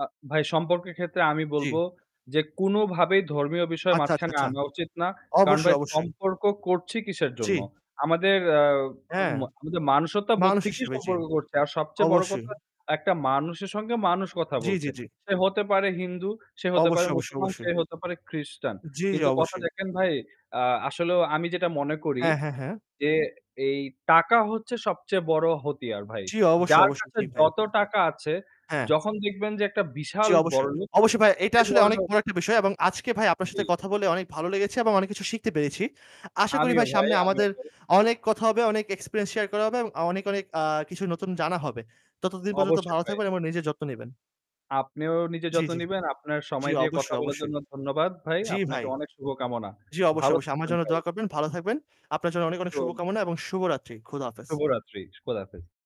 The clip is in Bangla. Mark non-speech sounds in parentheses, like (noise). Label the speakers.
Speaker 1: আ ভাই সম্পর্কের ক্ষেত্রে আমি বলব
Speaker 2: জি।
Speaker 1: যে কোনোভাবেই ধর্মীয় বিষয়
Speaker 2: আচ্ছা, আচ্ছা,
Speaker 1: মাঝখানে
Speaker 2: আচ্ছা।
Speaker 1: আনা উচিত না। কারণ ভাই
Speaker 2: অবশ্যই, অবশ্যই।
Speaker 1: সম্পর্ক করছি কিসের
Speaker 2: জি।
Speaker 1: জন্য? আমাদের আ
Speaker 2: হ্যাঁ।
Speaker 1: ম আমাদের মনুষ্যত্ববোধ
Speaker 2: মানুষ
Speaker 1: থেকেই
Speaker 2: হিসেবে, জি।
Speaker 1: সম্পর্ক করছে। আর সবচেয়ে বড়
Speaker 2: অবশ্যই।
Speaker 1: কথা একটা মানুষের সঙ্গে মানুষ কথা
Speaker 2: জি, জি,
Speaker 1: বলছে।
Speaker 2: জি।
Speaker 1: সে হতে পারে হিন্দু, সে হতে পারে
Speaker 2: অবশ্যই, অবশ্যই,
Speaker 1: মুসলমান,
Speaker 2: অবশ্যই।
Speaker 1: সে হতে পারে খ্রিস্টান।
Speaker 2: জি, জি,
Speaker 1: কিন্তু কথা
Speaker 2: অবশ্যই।
Speaker 1: দেখেন ভাই, আ আসলেও আমি যেটা মনে করি
Speaker 2: হ্যাঁ, হ্যাঁ, হ্যাঁ।
Speaker 1: যে এই টাকা হচ্ছে সবচেয়ে বড় হাতিয়ার ভাই।
Speaker 2: জি, অবশ্যই,
Speaker 1: যার
Speaker 2: অবশ্যই।
Speaker 1: কাছে
Speaker 2: জি ভাই।
Speaker 1: যত টাকা আছে
Speaker 2: হ্যাঁ।
Speaker 1: যখন দেখবেন যে একটা
Speaker 2: জি,
Speaker 1: বিশাল
Speaker 2: অবশ্যই।
Speaker 1: বড়োলোক,
Speaker 2: অবশ্যই ভাই, এটা
Speaker 1: সেই
Speaker 2: আসলে অনেক
Speaker 1: বড়োলোক
Speaker 2: বড় একটা বিষয় এবং আজকে ভাই আপনার
Speaker 1: জি।
Speaker 2: সাথে কথা বলে অনেক ভালো লেগেছে এবং অনেক কিছু শিখতে পেরেছি। আশা করি
Speaker 1: আমিও
Speaker 2: ভাই
Speaker 1: ভাই,
Speaker 2: সামনে
Speaker 1: আমিও
Speaker 2: আমাদের
Speaker 1: ভাই।
Speaker 2: অনেক কথা হবে, অনেক experience share করা হবে এবং অনেক, অনেক আ কিছু নতুন জানা হবে। ততদিন পর্যন্ত
Speaker 1: অবশ্যই
Speaker 2: ভালো
Speaker 1: ভাই।
Speaker 2: থাকবেন এবং নিজের যত্ন নিবেন।
Speaker 1: আপনিও নিজের
Speaker 2: জি,
Speaker 1: যত্ন
Speaker 2: জি।
Speaker 1: নিবেন। আপনার
Speaker 2: জি,
Speaker 1: সময় দিয়ে কথা
Speaker 2: অবশ্যই,
Speaker 1: বলার
Speaker 2: অবশ্যই।
Speaker 1: জন্য ধন্যবাদ ভাই।
Speaker 2: জি, ভাই।
Speaker 1: আপনাকে অনেক শুভকামনা।
Speaker 2: জি, অবশ্যই,
Speaker 1: ভালো
Speaker 2: অবশ্যই। আমার
Speaker 1: থাকবেন
Speaker 2: জন্য
Speaker 1: ভাই।
Speaker 2: দোয়া করবেন। ভালো থাকবেন। আপনার জন্য অনেক, অনেক শুভকামনা
Speaker 1: (unintelligible)
Speaker 2: এবং শুভরাত্রি। খোদা হাফেজ।
Speaker 1: শুভরাত্রি। সু খোদা হাফেজ।